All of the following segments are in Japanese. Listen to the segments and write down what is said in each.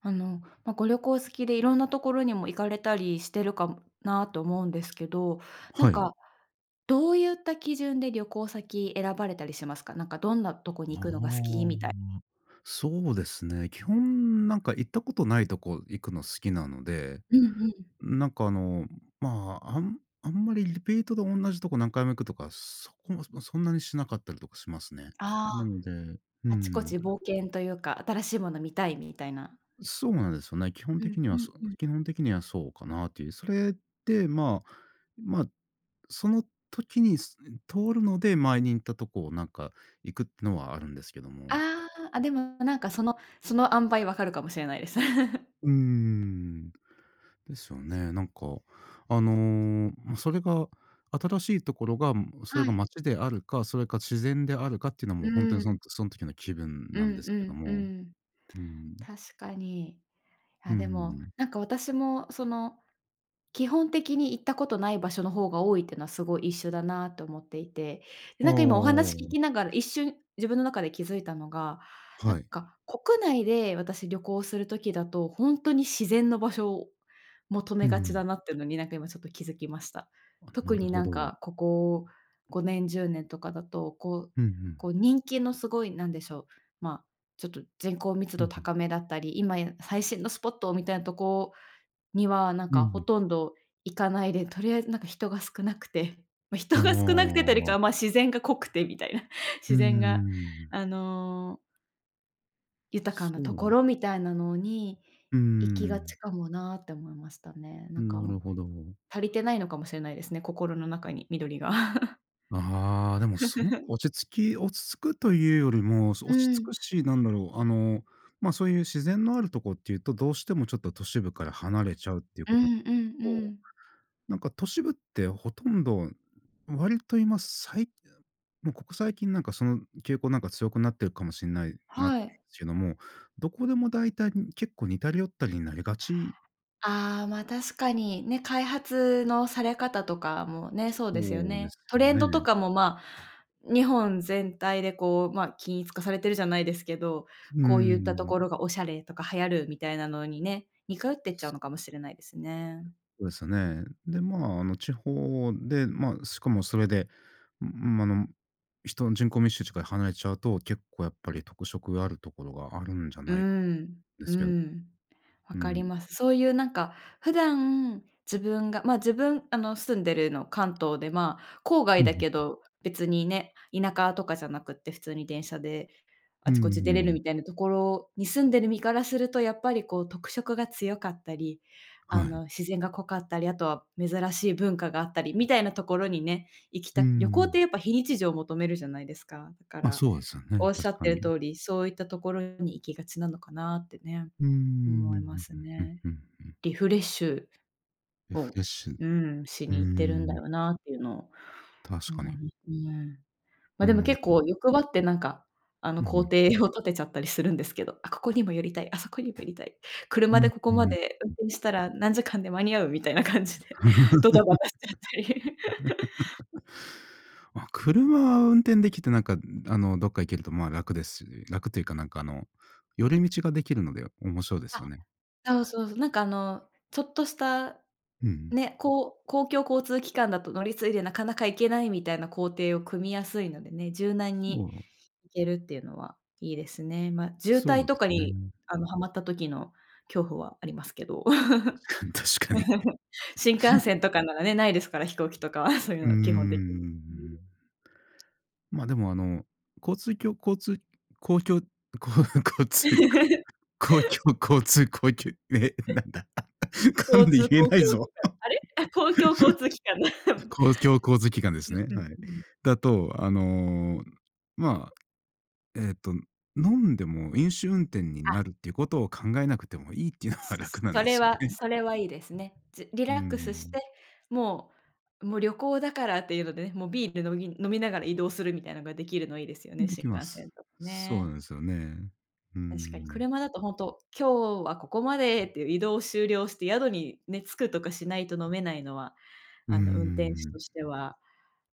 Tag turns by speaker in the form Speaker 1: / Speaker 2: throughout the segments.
Speaker 1: あの、ま、ご旅行好きで、色んなところにも行かれたりしてるかもなあと思うんですけど、なん
Speaker 2: はい。
Speaker 1: かどうゆった基準で旅行先選ばれたりしますか？なんか、どんなとこに
Speaker 2: あ
Speaker 1: 行
Speaker 2: あ、
Speaker 1: くのが好きみたい
Speaker 2: ん、そうですね。基本、なんか、行ったことないとこ行くの好きなので、
Speaker 1: うんうん。
Speaker 2: ん、なんか、あの、まあ、あんあんまりリピートで同じとこ何回も行くとか、そこも、ま、そんなにしなかったりとかしますね。
Speaker 1: あ
Speaker 2: な
Speaker 1: あ、
Speaker 2: のでうー
Speaker 1: あちこ
Speaker 2: ん。
Speaker 1: ち冒険というか、新しいもの見たい、みたいな。
Speaker 2: ん、そうなんですよね。基本
Speaker 1: うん、
Speaker 2: 的に
Speaker 1: う
Speaker 2: は、
Speaker 1: ん、
Speaker 2: そ
Speaker 1: うん。
Speaker 2: 基本的にはそうかなという。それで、まあ、まあ、その時に、すうん、通るので前に行ったとこなんか行くってのはあるんですけども。
Speaker 1: ああ、あ、でも、なんか、そのその塩梅分かるかもしれないです。
Speaker 2: うーん、ですよ ね。なんか、あの、ま、それが、新しいところが、ん、それ
Speaker 1: は
Speaker 2: が
Speaker 1: い。
Speaker 2: 街であるか、それか自然であるかっていうのはも
Speaker 1: う
Speaker 2: うほんと
Speaker 1: ー
Speaker 2: に、そ
Speaker 1: ん。
Speaker 2: んそん時の気分
Speaker 1: う
Speaker 2: なん
Speaker 1: ん
Speaker 2: です
Speaker 1: う
Speaker 2: けど
Speaker 1: ん、うー
Speaker 2: も。
Speaker 1: ん。
Speaker 2: うーん。
Speaker 1: 確かに。
Speaker 2: う
Speaker 1: あ、
Speaker 2: んう
Speaker 1: で
Speaker 2: んう
Speaker 1: も、
Speaker 2: ん。
Speaker 1: なんか、私も、その、基本的に、行ったことない場所の方が多いってのはすごい一緒だなと思っていて。で、
Speaker 2: ほ
Speaker 1: なんか、今お
Speaker 2: お、お
Speaker 1: 話聞
Speaker 2: お。
Speaker 1: きながら一瞬、自分の中で気づいたのが、なん
Speaker 2: はい。
Speaker 1: か、国内で私旅行する時だと、ほんとに自然の場所を求
Speaker 2: う
Speaker 1: め
Speaker 2: んう
Speaker 1: がち
Speaker 2: ん。
Speaker 1: だなってのに、なんか、今ちょっと気づきました。
Speaker 2: あ、な
Speaker 1: 特
Speaker 2: る
Speaker 1: に
Speaker 2: ほ
Speaker 1: なん
Speaker 2: ど。
Speaker 1: か、ここ5年、10年とかだと、こう
Speaker 2: うんうん。
Speaker 1: こう、人気のすごい、なんでしょう、まあ、ちょっと人口密
Speaker 2: う
Speaker 1: 度
Speaker 2: んうん。
Speaker 1: 高めだったり、「今や、最新のスポット！」みたいなとこには、なん
Speaker 2: うんう
Speaker 1: か、ほ
Speaker 2: ん。
Speaker 1: とんど行かないで、とりあえず、なんか、人が少なくて、ま、
Speaker 2: な
Speaker 1: 人が少なくてというよりか
Speaker 2: ああ。
Speaker 1: は、まあ、自然が濃くてみたいな。
Speaker 2: う
Speaker 1: 自
Speaker 2: ー
Speaker 1: 然が
Speaker 2: ん。
Speaker 1: あの豊かな
Speaker 2: そ
Speaker 1: とこ
Speaker 2: う。
Speaker 1: ろみたいなのに
Speaker 2: うー
Speaker 1: 行きがち
Speaker 2: ん。
Speaker 1: かもなあって思いましたね。なんか
Speaker 2: な
Speaker 1: も
Speaker 2: るほど。
Speaker 1: 足りてないのかもしれないですね、心の中に緑が。
Speaker 2: ああ、でもすごく 落ち着き落ち着くというよりもそう、
Speaker 1: う
Speaker 2: 落ち着く
Speaker 1: ん。
Speaker 2: し、なんだろう、あの、まあ、そういう自然のあるとこっていうと、どうしてもちょっと都市部から離れちゃうっていう
Speaker 1: う
Speaker 2: ことと、
Speaker 1: んうんうん。
Speaker 2: なんか都市部ってほとんど、割と今さいもうここ最近なんかその傾向なんか強くなってるかもしんないなと
Speaker 1: はい。
Speaker 2: けども、どこでも大体、ん結構、似たり寄ったりになりがち
Speaker 1: ああ、ま、確かに、ね、開発のされ方とかもね、そうですよ
Speaker 2: そうで
Speaker 1: ね。
Speaker 2: す
Speaker 1: ト
Speaker 2: よ
Speaker 1: レンドと
Speaker 2: ね。
Speaker 1: かも、まあ、日本全体でこう、まあ、均一化されてるじゃないですけど、
Speaker 2: うー
Speaker 1: こうゆったと
Speaker 2: ん。
Speaker 1: ころがおしゃれとか流行るみたいなのにね、似通ってっちゃうのかもしれないですね。
Speaker 2: そうですよね。で、まあ、あの地方でまあ、しかもそれで、むむ、ま、あの、人人口密集地から離れちゃうと、結構やっぱり特色があるところがあるんじゃ
Speaker 1: う
Speaker 2: ない
Speaker 1: ん。
Speaker 2: で
Speaker 1: う
Speaker 2: すけど
Speaker 1: ん。わ
Speaker 2: う
Speaker 1: かり
Speaker 2: ん。
Speaker 1: ます。そういうなんか、普段自分がま、自分、あの、住んでるの関東で、まあ、郊
Speaker 2: う
Speaker 1: 外
Speaker 2: んうん
Speaker 1: だけ
Speaker 2: うん。
Speaker 1: ど別にね、田舎とかじゃなくて普通に電車で
Speaker 2: う
Speaker 1: あ
Speaker 2: ん
Speaker 1: ちこ
Speaker 2: う
Speaker 1: ち
Speaker 2: ん
Speaker 1: 出
Speaker 2: う
Speaker 1: れ
Speaker 2: んう
Speaker 1: る
Speaker 2: ん。
Speaker 1: みたいなところに住んでる身からすると、やっぱりこう特色が強かったり、あ
Speaker 2: はい。
Speaker 1: の、自然が濃かったり、あとは珍しい文化があったりみたいなところにね、行き
Speaker 2: うん
Speaker 1: たく
Speaker 2: うん
Speaker 1: 旅行
Speaker 2: う
Speaker 1: って
Speaker 2: ん。
Speaker 1: やっぱ非日常を求めるじゃないですか。だか
Speaker 2: ま、
Speaker 1: ら、
Speaker 2: そうですよね、
Speaker 1: おっしゃ
Speaker 2: 確
Speaker 1: っ
Speaker 2: か
Speaker 1: てる
Speaker 2: に。
Speaker 1: 通り、そういったところに行きがちなのかなってね、
Speaker 2: うーん、う
Speaker 1: 思いま
Speaker 2: ん
Speaker 1: す
Speaker 2: うんうん
Speaker 1: ね。
Speaker 2: うんうん。
Speaker 1: リフレッシュ
Speaker 2: リフ
Speaker 1: を
Speaker 2: レッシュ。う
Speaker 1: うーん、し
Speaker 2: ー
Speaker 1: に行ってるんだ
Speaker 2: ん。
Speaker 1: よなっていうのを
Speaker 2: 確
Speaker 1: 思
Speaker 2: か
Speaker 1: い
Speaker 2: に。
Speaker 1: ますね。
Speaker 2: う
Speaker 1: ま、
Speaker 2: ー
Speaker 1: でも
Speaker 2: ん、
Speaker 1: 結
Speaker 2: う
Speaker 1: 構
Speaker 2: ん。
Speaker 1: 欲張ってなんかあの、
Speaker 2: うんう
Speaker 1: 行
Speaker 2: ん。
Speaker 1: 程を立てちゃったりするんですけど、あここにも寄りたい、あそこにも寄りたい、
Speaker 2: う
Speaker 1: 車
Speaker 2: ん
Speaker 1: でここ
Speaker 2: う
Speaker 1: ま
Speaker 2: ん。う
Speaker 1: で運
Speaker 2: ん。
Speaker 1: 転したら何時間で間に合うみたいな感じで ドタバタしちゃったり。
Speaker 2: まあ、車運転できてなんか、あの、どっか行けるとまあ楽ですし楽というかなんかあの、寄り道ができるので面白いです
Speaker 1: あ、
Speaker 2: よね。
Speaker 1: そうそうそう、なんかあの、ちょっとした
Speaker 2: うんうん。
Speaker 1: ね、こう公共交通機関だと乗り継いでなかなか行けないみたいな行程を組みやすいのでね、柔軟に
Speaker 2: そう。
Speaker 1: 行けるっていうのはいいですね。まあ、渋
Speaker 2: そ
Speaker 1: 滞
Speaker 2: う
Speaker 1: と
Speaker 2: で
Speaker 1: か
Speaker 2: す
Speaker 1: に
Speaker 2: ね。
Speaker 1: あの、はまった時の恐怖はありますけど。
Speaker 2: 確かに確かに。
Speaker 1: 新幹線とかならね、ないですから、飛行機とかはそうい
Speaker 2: う
Speaker 1: う
Speaker 2: ーん。う
Speaker 1: の基本的に。
Speaker 2: う
Speaker 1: うん。
Speaker 2: ん。まあ、でもあの、交通きょ交通公共こ交通こ公 共交通公きゅうえ、なんだ、噛
Speaker 1: 交
Speaker 2: んで
Speaker 1: 通
Speaker 2: 言え
Speaker 1: 公共
Speaker 2: ないぞ。
Speaker 1: 機関、あれ？公共交通機関だ。
Speaker 2: 公共交通機関です ね、
Speaker 1: うんうん
Speaker 2: はい。
Speaker 1: うん。
Speaker 2: だと、あの、まあ、えっと飲んでも飲酒運転に
Speaker 1: あ。
Speaker 2: なるっていうことを考えなくてもいいっていうのは楽なん
Speaker 1: そ
Speaker 2: で
Speaker 1: れ
Speaker 2: すよ
Speaker 1: は
Speaker 2: ね。
Speaker 1: それはいいですね。じリ
Speaker 2: うー
Speaker 1: ラックスし
Speaker 2: ん。
Speaker 1: て、もうもう旅行だからっていうのでね、もうビール飲み飲みながら移動するみたいなのができるのいいですよね、
Speaker 2: で
Speaker 1: 新
Speaker 2: きま
Speaker 1: 幹線
Speaker 2: す。
Speaker 1: とか
Speaker 2: そう
Speaker 1: ね。
Speaker 2: なんですよね。うー
Speaker 1: 確かに。
Speaker 2: ん。
Speaker 1: 車だとほんと、今日はここまでっていう移動を終了して宿にね、着くとかしないと飲めないのは、
Speaker 2: うー
Speaker 1: あの、運転手
Speaker 2: ん。
Speaker 1: としては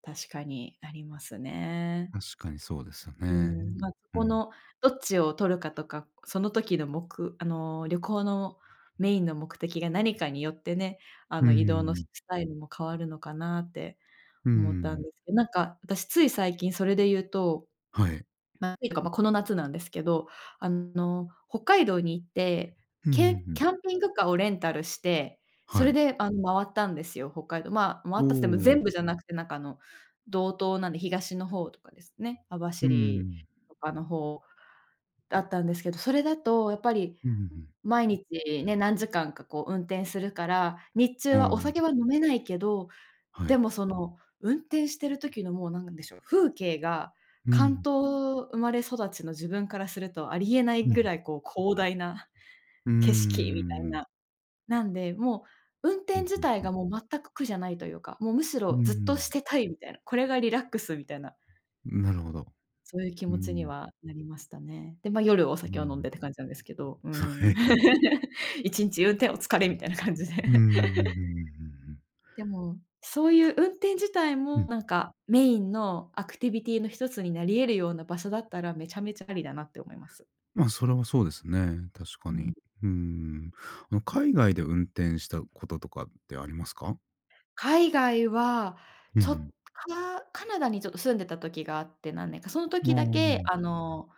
Speaker 1: 確かにありますね。
Speaker 2: 確かにそうですよ
Speaker 1: う
Speaker 2: ね。
Speaker 1: ーん。まあ、そ
Speaker 2: う
Speaker 1: こ
Speaker 2: ん。
Speaker 1: のどっちを取るかとか、その時のもくあの、旅行のメインの目的が何かによってね、あ
Speaker 2: うー
Speaker 1: の、移動の、ス
Speaker 2: ん。
Speaker 1: スタイルも変わるのかなって
Speaker 2: うー
Speaker 1: 思ったん
Speaker 2: ん。
Speaker 1: ですけなんか私つい最近それでいうと、
Speaker 2: はい。
Speaker 1: っていうか、ま、この夏なんですけど、あの、北海道に行って、
Speaker 2: う
Speaker 1: け
Speaker 2: ん、ふんふ
Speaker 1: キ
Speaker 2: ん。
Speaker 1: ャンピングカーをレンタルして、そ
Speaker 2: は
Speaker 1: れ
Speaker 2: い。
Speaker 1: であの、回ったんですよ、北海道。まあ、回
Speaker 2: お
Speaker 1: ったっても
Speaker 2: お。
Speaker 1: 全部じゃなくてなんかあの、道東なんで東の方とかですね、網
Speaker 2: うー
Speaker 1: 走
Speaker 2: ん。
Speaker 1: とかの方だったんですけど、それだとやっぱり
Speaker 2: うん、ふんふん。
Speaker 1: 毎日ね、何時間かこう、運転するから、日中
Speaker 2: お
Speaker 1: はお
Speaker 2: お。
Speaker 1: 酒は飲めないけど、
Speaker 2: は
Speaker 1: で
Speaker 2: い。
Speaker 1: もその運転してる時のもう何なんでしょう、風景が
Speaker 2: う
Speaker 1: 関
Speaker 2: ん。
Speaker 1: 東生まれ育ちの自分からするとありえない
Speaker 2: うん、
Speaker 1: ぐ
Speaker 2: ふ
Speaker 1: ら
Speaker 2: ん。
Speaker 1: いこう、広大な
Speaker 2: うー
Speaker 1: 景色みたいな。
Speaker 2: ん。
Speaker 1: なんで、もう運
Speaker 2: う
Speaker 1: 転
Speaker 2: ん、
Speaker 1: 自
Speaker 2: ふん
Speaker 1: 体
Speaker 2: ふん。
Speaker 1: がもう全く苦じゃないというか、もうむし
Speaker 2: うー
Speaker 1: ろずっとし
Speaker 2: ん。
Speaker 1: てたいみたいな、これがリラックスみたいな。
Speaker 2: うん、なるほど。
Speaker 1: そういう気
Speaker 2: う
Speaker 1: 持ちに
Speaker 2: ん。
Speaker 1: はなりましたね。で、ま、夜お
Speaker 2: う
Speaker 1: 酒を飲んで
Speaker 2: ん。
Speaker 1: って感じなんですけど。うー
Speaker 2: は
Speaker 1: ん。
Speaker 2: い。
Speaker 1: 1日運転お疲れ、みたいな感じで。
Speaker 2: うんうんうんうんうんう んうん。
Speaker 1: でも、そういう運転自体
Speaker 2: う
Speaker 1: も
Speaker 2: ん。
Speaker 1: なんか、メインのアクティビティの1つになり得るような場所だったら、めちゃめちゃありだなって思います。
Speaker 2: まあ、それはそうですね、確か
Speaker 1: う
Speaker 2: に。
Speaker 1: ん。
Speaker 2: うん。あの、海外で運転したこととかってありますか？
Speaker 1: 海外は、
Speaker 2: うんう
Speaker 1: ちょっと、
Speaker 2: ん。
Speaker 1: カナカナダにちょっと住んでた時があって。何年か。その
Speaker 2: あ
Speaker 1: 時だけ、
Speaker 2: あ。
Speaker 1: あの、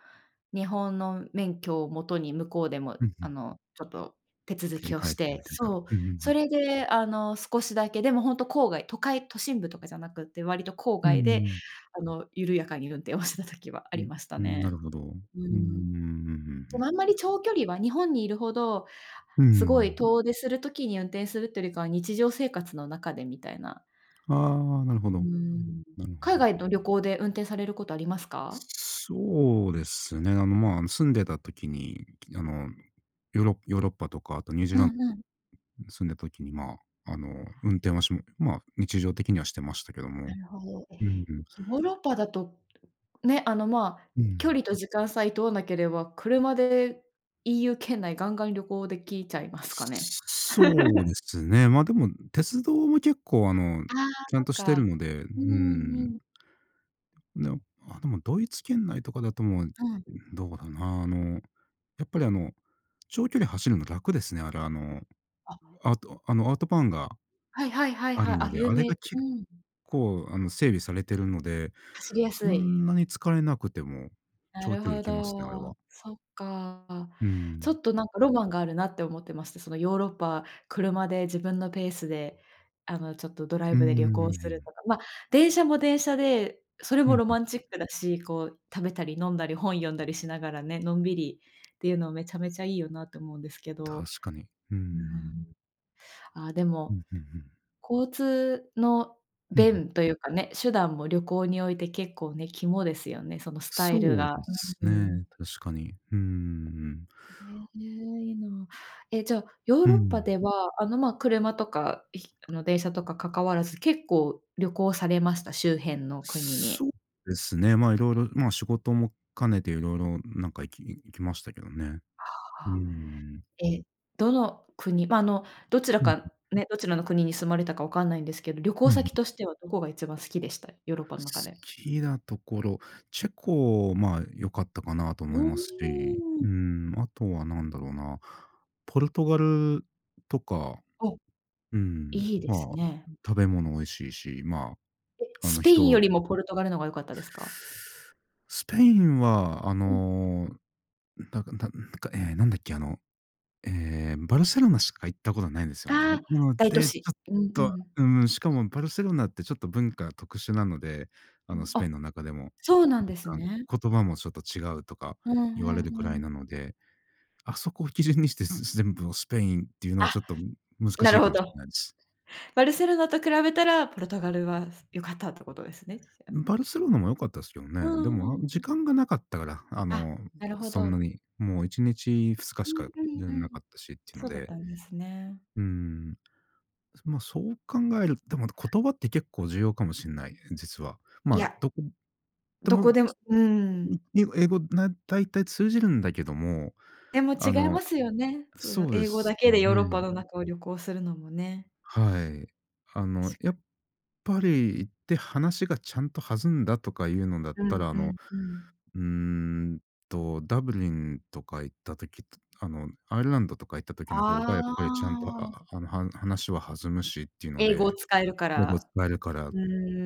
Speaker 1: 日本の免許を元に向こうでも、
Speaker 2: うんう
Speaker 1: あ
Speaker 2: ん。
Speaker 1: の、ちょっと手続
Speaker 2: 切り
Speaker 1: きを
Speaker 2: 替
Speaker 1: し
Speaker 2: えて
Speaker 1: て
Speaker 2: みたいな。
Speaker 1: そう、
Speaker 2: うんうんう
Speaker 1: そ
Speaker 2: ん。
Speaker 1: れで、あの、少しだけ。でもほんと郊外、都会都心部とかじゃなくって割と郊
Speaker 2: うんう
Speaker 1: 外
Speaker 2: ん
Speaker 1: で、
Speaker 2: うん。
Speaker 1: あの、緩やかに運転を してた時はあ
Speaker 2: う
Speaker 1: り
Speaker 2: ん、
Speaker 1: ました
Speaker 2: うん。なる
Speaker 1: ね。
Speaker 2: ほど。
Speaker 1: うー
Speaker 2: うんうんうんうん
Speaker 1: ん。
Speaker 2: うんうんう
Speaker 1: でも
Speaker 2: ん。
Speaker 1: あんまり長距離は、日本にいるほど、
Speaker 2: うんうんう
Speaker 1: すごい
Speaker 2: ん。
Speaker 1: 遠出する時に運転するっていうよりかは、日常生活の中でみたいな。
Speaker 2: ああ、なるほ
Speaker 1: うー
Speaker 2: ど。
Speaker 1: ん。
Speaker 2: なるほ
Speaker 1: 海
Speaker 2: ど。
Speaker 1: 外の旅行で、運転されることありますか？
Speaker 2: そうですね。あの、まあ、あの、住んでた時に、いき、あの、ヨーロッヨーロッパとか、あとニュージ
Speaker 1: う
Speaker 2: ーラン、
Speaker 1: んうん。
Speaker 2: 住んでた時に、ま、あの、運転は、しま日常的にはしてましたけども。
Speaker 1: なるほど。ええ。
Speaker 2: うんうん。
Speaker 1: ヨーロッパだと、ね、あの、まあ、
Speaker 2: う
Speaker 1: 距
Speaker 2: ん。
Speaker 1: 離と時間さえ問わなければ、車で EU 圏内、ガンガン旅行出来ちゃいますかね。
Speaker 2: そうで すね。ま、でも、鉄道も結構、あの、
Speaker 1: ああ、
Speaker 2: ちゃ
Speaker 1: そ
Speaker 2: ん
Speaker 1: っ
Speaker 2: としてる
Speaker 1: か。
Speaker 2: ので。う
Speaker 1: うんう
Speaker 2: ん。
Speaker 1: んうん。
Speaker 2: の、あ、でも、ドイツ圏内とかだともう、
Speaker 1: うん。
Speaker 2: どうだな、あの、やっぱりあの、長距離走るの楽ですね。あれ、あの、
Speaker 1: あ。
Speaker 2: アウト、あの、アウトバーンが
Speaker 1: はいはいはい
Speaker 2: あ
Speaker 1: は
Speaker 2: る
Speaker 1: い。
Speaker 2: の
Speaker 1: あ、
Speaker 2: で。あ
Speaker 1: 有
Speaker 2: れ
Speaker 1: 名。
Speaker 2: が結
Speaker 1: うんうん。
Speaker 2: 構、あの、整備されているので。
Speaker 1: 走りや
Speaker 2: そ
Speaker 1: すい。
Speaker 2: んなに疲れなくても、
Speaker 1: な
Speaker 2: 長
Speaker 1: る
Speaker 2: 距離
Speaker 1: ほ
Speaker 2: 行けますね。あれは。
Speaker 1: ど。そっか。
Speaker 2: う
Speaker 1: ちょ
Speaker 2: ん。
Speaker 1: っとなんか、ロマンがあるなって思ってまして。その、ヨーロッパ、車で、自分のペースで、あの、ちょっと、ドラ
Speaker 2: う
Speaker 1: イ
Speaker 2: ー
Speaker 1: ブで旅行する
Speaker 2: ん。
Speaker 1: とか。まあ、電車も電車で、それ
Speaker 2: う
Speaker 1: も
Speaker 2: ん、
Speaker 1: ロ
Speaker 2: うん。
Speaker 1: マンチックだし。こう、食べたり飲んだり本読んだりしながらね、のんびりっていうのは、めちゃめちゃいいよなと思うんですけ
Speaker 2: 確
Speaker 1: ど。
Speaker 2: かに。うー
Speaker 1: う
Speaker 2: ん。
Speaker 1: ーん、あで
Speaker 2: うん
Speaker 1: も、
Speaker 2: うんうん。
Speaker 1: 交通の
Speaker 2: うんうん。
Speaker 1: 便というかね、手段も旅行において結構ね、肝ですよね。そのスタイル
Speaker 2: そう
Speaker 1: が。
Speaker 2: です
Speaker 1: うん、う
Speaker 2: ね、
Speaker 1: ん。
Speaker 2: 確かに。うんうんうんうん。
Speaker 1: ん、ええ。いいな。え、じゃあヨー
Speaker 2: うん
Speaker 1: ロ
Speaker 2: う
Speaker 1: ッパ
Speaker 2: ん。
Speaker 1: では、あのま、車とか、ひ、あの、電車とか関わらず、結構旅行されました？周辺の国に？
Speaker 2: そうですね。ま、色々、ま、仕事も兼ねて色々なんか、行き行きましたけどね。うー
Speaker 1: はあ。
Speaker 2: ん。
Speaker 1: え、どの国、ま、あの、どちら
Speaker 2: うん、うん。
Speaker 1: か、ね、どちらの国に住まれたか、わかんないんですけど。旅行
Speaker 2: うん-う
Speaker 1: 先
Speaker 2: ん。
Speaker 1: としては、どこが一番好きでした？ヨーロッ
Speaker 2: 好
Speaker 1: パの中で。
Speaker 2: きなところ。チェコ、まあ、良かったかなと
Speaker 1: う
Speaker 2: 思いますし。
Speaker 1: ー
Speaker 2: う
Speaker 1: ん。
Speaker 2: ん、あとは何だろうな、ポルトガルとか。
Speaker 1: ああ。
Speaker 2: うん、
Speaker 1: いいです
Speaker 2: まあ、
Speaker 1: ね。
Speaker 2: 食べ物美味しいし。ま
Speaker 1: え、
Speaker 2: あ、あ
Speaker 1: ス
Speaker 2: の、
Speaker 1: ペインよ
Speaker 2: 人。
Speaker 1: りもポルトガルのが良かったですか？
Speaker 2: スペインは、あ
Speaker 1: うん。
Speaker 2: の、なんか、なんなんか、ええ、なんだっけ、あの、え、バルセロナしか行ったことないんですよね。
Speaker 1: ああ、
Speaker 2: なの
Speaker 1: 大都
Speaker 2: で、ち
Speaker 1: 市。
Speaker 2: ょっ
Speaker 1: うんう
Speaker 2: と、
Speaker 1: ん。
Speaker 2: うん、しかもバルセロナって、ちょっと文化特殊なので。あ
Speaker 1: う
Speaker 2: の、
Speaker 1: ん、
Speaker 2: スペ
Speaker 1: あ。
Speaker 2: インの中でも、
Speaker 1: そうなんです
Speaker 2: なんか、
Speaker 1: ね。
Speaker 2: 言葉もちょっと違うとか
Speaker 1: うんう
Speaker 2: 言われるく
Speaker 1: んう
Speaker 2: らい
Speaker 1: ん。
Speaker 2: なので。あそこを基準にして、全部をスペインっていうのは、
Speaker 1: あ、
Speaker 2: ちょっと難し
Speaker 1: な
Speaker 2: い
Speaker 1: る
Speaker 2: か
Speaker 1: ほ
Speaker 2: もしん
Speaker 1: ど。
Speaker 2: ないです。
Speaker 1: バルセロナと比べたら、ポルトガルは、す、良かったってことですね。じゃあ。
Speaker 2: ん、バルセロナも良かったですけど
Speaker 1: う
Speaker 2: ね。で
Speaker 1: んう
Speaker 2: も、
Speaker 1: ん。
Speaker 2: あ、
Speaker 1: う
Speaker 2: 時
Speaker 1: ん。
Speaker 2: 間がなかったから。あ
Speaker 1: あ、
Speaker 2: の、え、
Speaker 1: なるほ
Speaker 2: そんな
Speaker 1: ど。
Speaker 2: に。もう1日、2日
Speaker 1: う
Speaker 2: しか
Speaker 1: ん、う
Speaker 2: い
Speaker 1: ん、
Speaker 2: らん
Speaker 1: うん。
Speaker 2: なかったしっていうの
Speaker 1: そうだっ
Speaker 2: で。
Speaker 1: たんですね。
Speaker 2: うん。そ、ま、そう考えると、でも、
Speaker 1: あ。
Speaker 2: 言葉って結構重要かもしんない、実は。
Speaker 1: い
Speaker 2: ま、
Speaker 1: や、
Speaker 2: どこで
Speaker 1: ど
Speaker 2: も、
Speaker 1: こでも
Speaker 2: す、
Speaker 1: う
Speaker 2: ん、
Speaker 1: ん。
Speaker 2: には英語、な、大体通じるんだけども。
Speaker 1: でも違
Speaker 2: あ
Speaker 1: いま
Speaker 2: の
Speaker 1: すよね。その、
Speaker 2: そうで
Speaker 1: 英語だ
Speaker 2: す
Speaker 1: けでヨーロッパ
Speaker 2: ね。
Speaker 1: の中を旅行するのもね。
Speaker 2: はい。あ
Speaker 1: 確
Speaker 2: の、や
Speaker 1: か
Speaker 2: っ
Speaker 1: に。
Speaker 2: ぱり、行って話がちゃんと弾んだとかいうのだっ
Speaker 1: う
Speaker 2: た
Speaker 1: ん、
Speaker 2: ら、あ
Speaker 1: う
Speaker 2: の、
Speaker 1: ん、うん。
Speaker 2: うーんと、ダブリンとか行った時とあの、アイルランドとか行った時の方が、
Speaker 1: あ
Speaker 2: やっぱりちゃんと、あ
Speaker 1: ーあ。
Speaker 2: ああの、は話は弾むしっていうの
Speaker 1: 英語を
Speaker 2: で。
Speaker 1: 使えるか
Speaker 2: 英語使
Speaker 1: ら。
Speaker 2: えるから。
Speaker 1: う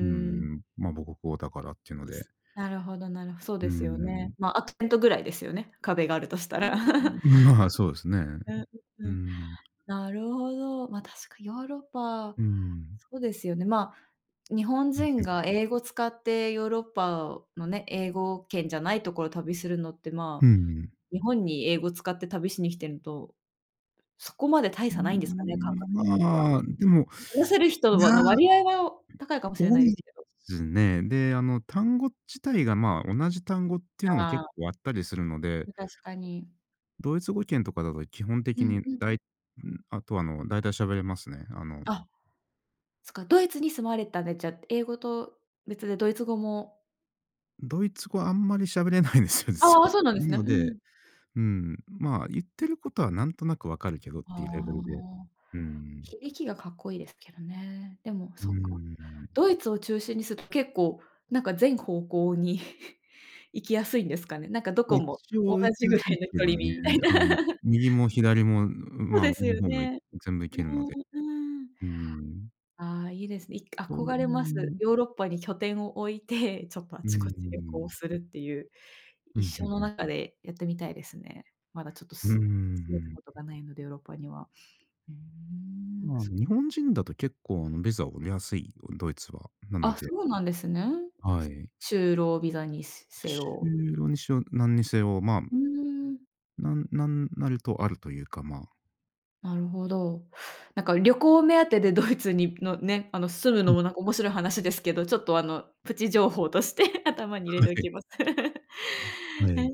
Speaker 2: う
Speaker 1: ん。
Speaker 2: ん、ま、母国語だからっていうので。
Speaker 1: なるほどなるほど。そう
Speaker 2: うー
Speaker 1: ですよね。
Speaker 2: ん。
Speaker 1: まあ、アクセントぐらいですよね、壁があるとした
Speaker 2: う
Speaker 1: ら。
Speaker 2: う う。まあ、そうですね。
Speaker 1: うん、
Speaker 2: う
Speaker 1: うん。
Speaker 2: ん。
Speaker 1: なるほど。まあ、確かにヨーロッパ
Speaker 2: うーん。
Speaker 1: そうですよね。まあ、日本人
Speaker 2: [unintelligible]
Speaker 1: が英語を使って、ヨーロッパのね、英語圏じゃないところを旅するのって、
Speaker 2: う
Speaker 1: ま
Speaker 2: んう
Speaker 1: あ、
Speaker 2: ん。
Speaker 1: 日本に英語使って旅しに来てると、そこまで大
Speaker 2: う
Speaker 1: 差ないんですかね。感
Speaker 2: ん、
Speaker 1: 覚的には。
Speaker 2: ま、でも、
Speaker 1: 話せる人は
Speaker 2: や、
Speaker 1: の割合は高いかもしれな
Speaker 2: 多
Speaker 1: いで
Speaker 2: い、
Speaker 1: すけど。
Speaker 2: ずね。で、あの、単語自体がまあ、同じ単語っていうのも
Speaker 1: あ
Speaker 2: 結
Speaker 1: あ。
Speaker 2: 構あったりするので。
Speaker 1: まあ、確かに。
Speaker 2: ドイツ語圏とかだと、基本
Speaker 1: う
Speaker 2: 的
Speaker 1: ん
Speaker 2: に
Speaker 1: うん。
Speaker 2: だいうん。あとは、あの、大体喋れますね。あの。
Speaker 1: あ、そか、ドイツに住まわれてたんで、じゃあ、英語と別でドイツ語も
Speaker 2: ドイツ語あんまり喋れないんですよ、実
Speaker 1: ああ、
Speaker 2: は。
Speaker 1: そうなんで
Speaker 2: な
Speaker 1: すね。
Speaker 2: の
Speaker 1: う
Speaker 2: で、
Speaker 1: ん。
Speaker 2: うん、まあ、言ってることは何となく分かるけどっ
Speaker 1: あ
Speaker 2: ていうレベルで。
Speaker 1: あ。
Speaker 2: うん。
Speaker 1: ひ駅がかっこいいですけどね。でも
Speaker 2: う
Speaker 1: そっか、
Speaker 2: ーん。
Speaker 1: ドイツを中心にす結構なんか全方向に行きやすいんですかね。なんかど
Speaker 2: ま、
Speaker 1: こも
Speaker 2: 一
Speaker 1: 同
Speaker 2: 応行き
Speaker 1: じ
Speaker 2: や
Speaker 1: ぐ
Speaker 2: す
Speaker 1: ら
Speaker 2: いす
Speaker 1: いの距
Speaker 2: け
Speaker 1: 離
Speaker 2: ど
Speaker 1: に
Speaker 2: ね。
Speaker 1: みたいな。
Speaker 2: あの、右も左も、
Speaker 1: そう
Speaker 2: ま
Speaker 1: で
Speaker 2: あ、
Speaker 1: す
Speaker 2: 上の
Speaker 1: よ
Speaker 2: 方以外
Speaker 1: ね。
Speaker 2: 全部行けるので。
Speaker 1: うん、うん。
Speaker 2: うん。
Speaker 1: ああ、いいですね。い
Speaker 2: と
Speaker 1: 憧れます。
Speaker 2: う。
Speaker 1: ヨーロッパに拠点を置いて、ちょっとあ
Speaker 2: うんう
Speaker 1: ちこち旅
Speaker 2: ん。
Speaker 1: 行するっていう。
Speaker 2: う
Speaker 1: 一
Speaker 2: ん、ふ
Speaker 1: 生
Speaker 2: ん
Speaker 1: の
Speaker 2: ふん。
Speaker 1: 中でやってみたいですね。まだちょっと
Speaker 2: うんうんう
Speaker 1: す
Speaker 2: んう
Speaker 1: 住めた
Speaker 2: ん、
Speaker 1: こと
Speaker 2: う。
Speaker 1: がないので、ヨーロッパには。うん。あ
Speaker 2: まあ、
Speaker 1: そ
Speaker 2: 日本人だと結構あの、ビザは出やすいよ、ドイツは。なの
Speaker 1: あ、
Speaker 2: で
Speaker 1: そうなんですね。
Speaker 2: はい。
Speaker 1: 就労ビザにすせ
Speaker 2: 就
Speaker 1: よ。
Speaker 2: 労にしろ何にせよ、ま
Speaker 1: ふーん。
Speaker 2: なんなんなるとあるというか、まあ。
Speaker 1: なるほど。なんか旅行目当てでドイツにのね、あの、住む
Speaker 2: う
Speaker 1: の
Speaker 2: ん。
Speaker 1: もなんか、面白い話ですけど、ちょっとあの、プチ情報として頭に入れ
Speaker 2: はい
Speaker 1: てお
Speaker 2: はい。
Speaker 1: きます。
Speaker 2: は
Speaker 1: え、
Speaker 2: い。う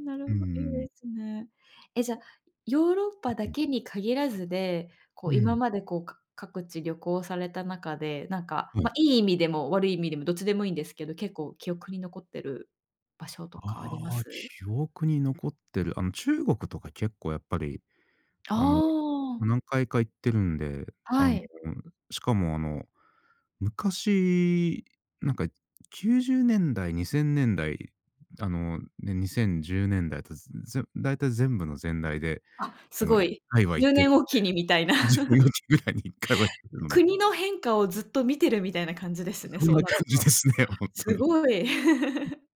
Speaker 1: なる
Speaker 2: ー
Speaker 1: ほいいで
Speaker 2: ん。
Speaker 1: すね。え、じゃ、
Speaker 2: あ。
Speaker 1: ヨーロッパだけ
Speaker 2: [unintelligible]
Speaker 1: に限らずで、こう
Speaker 2: う
Speaker 1: 今
Speaker 2: ん。
Speaker 1: まで、こう、か各地旅行された中で、なんか、
Speaker 2: は
Speaker 1: ま、
Speaker 2: い。
Speaker 1: いい意味でも悪い意味でも、どっちでもいいんですけど、結構記憶に残ってる場所とかありま
Speaker 2: ああ、
Speaker 1: す？
Speaker 2: 記憶に残ってる。あの、中国とか結構やっぱり、
Speaker 1: あ
Speaker 2: あの、
Speaker 1: あ。
Speaker 2: 何回か行ってるんで。あの、
Speaker 1: はい。
Speaker 2: しかもあの、昔、なんか90年代、2000年代、あの、ね、2010年代とつづぜろ大体全部のぜん代で、
Speaker 1: あ、す
Speaker 2: あの、い
Speaker 1: ご
Speaker 2: っ
Speaker 1: い。
Speaker 2: かいは
Speaker 1: じ
Speaker 2: 行
Speaker 1: ゅ
Speaker 2: っ
Speaker 1: う
Speaker 2: て
Speaker 1: ね
Speaker 2: る
Speaker 1: んおきにみたいな。
Speaker 2: ので。10年 おきぐらいに1回は行ってるので。
Speaker 1: 国の変化をずっと見てるみたいな感じです
Speaker 2: う、
Speaker 1: ね、
Speaker 2: そん
Speaker 1: そう
Speaker 2: な
Speaker 1: な
Speaker 2: 感
Speaker 1: る
Speaker 2: じ
Speaker 1: と。
Speaker 2: ですね、ほんと
Speaker 1: す
Speaker 2: に。
Speaker 1: ごい。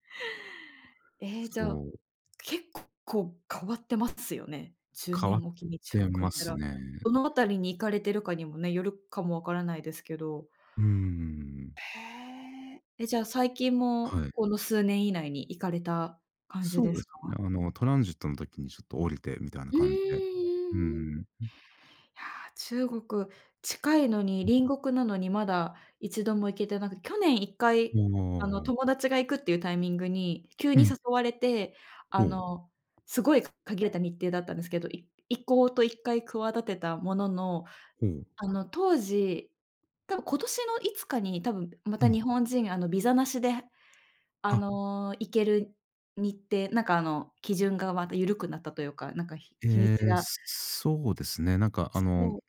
Speaker 1: え、じ
Speaker 2: そ
Speaker 1: ゃあ、
Speaker 2: う。
Speaker 1: 結構こう変わってますよね。じゅう
Speaker 2: 変
Speaker 1: ね
Speaker 2: わっ
Speaker 1: んおきに中
Speaker 2: て
Speaker 1: 国
Speaker 2: ま
Speaker 1: 行った
Speaker 2: す
Speaker 1: ら、
Speaker 2: ね。
Speaker 1: どのあたりに行かれてるかにもね、よるかも分からないですけど。
Speaker 2: うーん。
Speaker 1: へえ。え、じゃあ、最近も
Speaker 2: はい。
Speaker 1: この数年以内に行かれた感じ
Speaker 2: そ
Speaker 1: で
Speaker 2: うで
Speaker 1: す
Speaker 2: すね。
Speaker 1: か？
Speaker 2: あの、トランジットの時にちょっと降りてみたいな
Speaker 1: うーん、
Speaker 2: 感じで。うんう
Speaker 1: うんうん。
Speaker 2: ん。う。
Speaker 1: いや、中国近いのに、
Speaker 2: うん。
Speaker 1: 隣国なのに、まだ一度も行けてなく去年一回、
Speaker 2: う
Speaker 1: あの、
Speaker 2: わ。
Speaker 1: 友達が行くっていうタイミングに急
Speaker 2: う
Speaker 1: に
Speaker 2: ん。
Speaker 1: 誘われて、あ
Speaker 2: ほう。
Speaker 1: の、すごい限れた日程だったんですけど、い行こうと一回企てたものの、
Speaker 2: ほう。
Speaker 1: あの当時、たぶん今年のいつかに、多分ま
Speaker 2: う
Speaker 1: た
Speaker 2: ん。
Speaker 1: 日本人、あの、ビザなしで、あ
Speaker 2: あ。
Speaker 1: の、行ける日程、なんかあの、基準がまた緩くなったというか、なんかひ日に
Speaker 2: え
Speaker 1: ち
Speaker 2: え、
Speaker 1: が
Speaker 2: そそうですね。なんかあ
Speaker 1: そ
Speaker 2: の、
Speaker 1: う。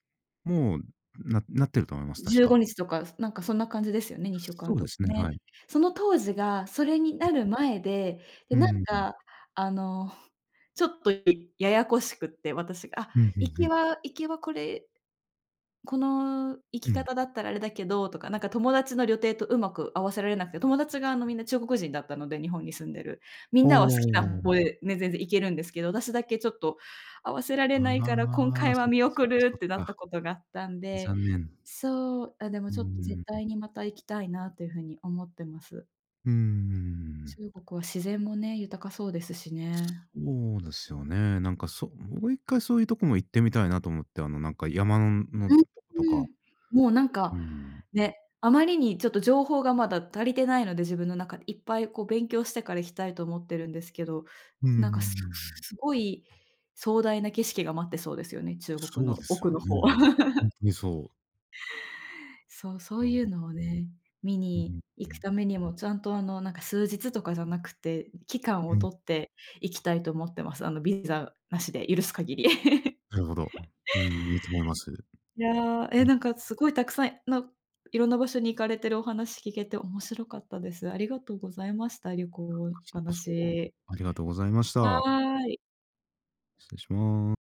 Speaker 2: もうななってると思います、
Speaker 1: じ
Speaker 2: 確
Speaker 1: ゅう
Speaker 2: か。
Speaker 1: ごにちとか、なんかそんな感じですよね、にしゅうか
Speaker 2: そ
Speaker 1: ん
Speaker 2: う
Speaker 1: と
Speaker 2: で
Speaker 1: か
Speaker 2: すね、
Speaker 1: ね。
Speaker 2: はい。
Speaker 1: その当時がそれになる前で、で、
Speaker 2: うう。う
Speaker 1: なん
Speaker 2: んうん。
Speaker 1: かあの、ちょっと、いややこしくって私があ、
Speaker 2: うん、ふん
Speaker 1: 行
Speaker 2: ふ
Speaker 1: き
Speaker 2: ん。
Speaker 1: は行きはこれ、この行き
Speaker 2: うん。
Speaker 1: 方だったらあれだけどとか、なんか友達の旅程とうまく合わせられなくて。友達が、あの、みんな中国人だったので、日本に住んでる。みん
Speaker 2: ほ
Speaker 1: なは好きな
Speaker 2: う。
Speaker 1: ほえね、全然行けるんですけど、私だけちょっと、合わせられないから、今
Speaker 2: ああ、
Speaker 1: 回は
Speaker 2: そっか
Speaker 1: 見
Speaker 2: そっ
Speaker 1: 送
Speaker 2: か
Speaker 1: る
Speaker 2: そっ
Speaker 1: ってなっ
Speaker 2: か。
Speaker 1: たことがあったんで。
Speaker 2: 残念。
Speaker 1: そう、あ、でも
Speaker 2: うー
Speaker 1: ちょっと絶
Speaker 2: ん、うん。
Speaker 1: 対にまた行きたいなというふうに思ってます。
Speaker 2: うんうんうんうんうん。
Speaker 1: 中国は自然もね、豊かそうですしね。
Speaker 2: そうですよね。なんか、そもう一回そういうとこも行ってみたいなと思って、あの、なんか山のの
Speaker 1: う、
Speaker 2: んと
Speaker 1: う
Speaker 2: か。
Speaker 1: ん。もうなん
Speaker 2: うー
Speaker 1: か、
Speaker 2: ん。
Speaker 1: ね、あまりにちょっと情報がまだ足りてないので、自分の中で。いっぱいこう勉強してから行きたいと思ってるんですけど。
Speaker 2: うんうんう
Speaker 1: なん
Speaker 2: んう
Speaker 1: か
Speaker 2: んう
Speaker 1: すす
Speaker 2: ん。
Speaker 1: すごい壮大な景色が待ってそうですよね、中国
Speaker 2: そうで
Speaker 1: の
Speaker 2: すよ
Speaker 1: 奥の方。
Speaker 2: ね。ほん とにそう。
Speaker 1: そうそ
Speaker 2: あ
Speaker 1: ういう
Speaker 2: あ。
Speaker 1: のをね、見
Speaker 2: うう、
Speaker 1: に
Speaker 2: ふ
Speaker 1: 行く
Speaker 2: ん。
Speaker 1: ためにもちゃんと、あの、なんか数日とかじゃなくて、期間
Speaker 2: う
Speaker 1: を
Speaker 2: ん。
Speaker 1: 取っていきたいと思ってます。あの、ビザなしで許す限り。
Speaker 2: なるほど。うん、いいと思います。
Speaker 1: いや、
Speaker 2: う
Speaker 1: え、
Speaker 2: ん。
Speaker 1: なんかすごいたくさんの、いろんな場所に行かれてるお話聞けて面白かったです。ありがとうございました。旅
Speaker 2: あ、
Speaker 1: 行の
Speaker 2: こち
Speaker 1: お
Speaker 2: らこそ、
Speaker 1: 話。
Speaker 2: ありがとうございまし
Speaker 1: は
Speaker 2: た。
Speaker 1: い。
Speaker 2: 失礼しま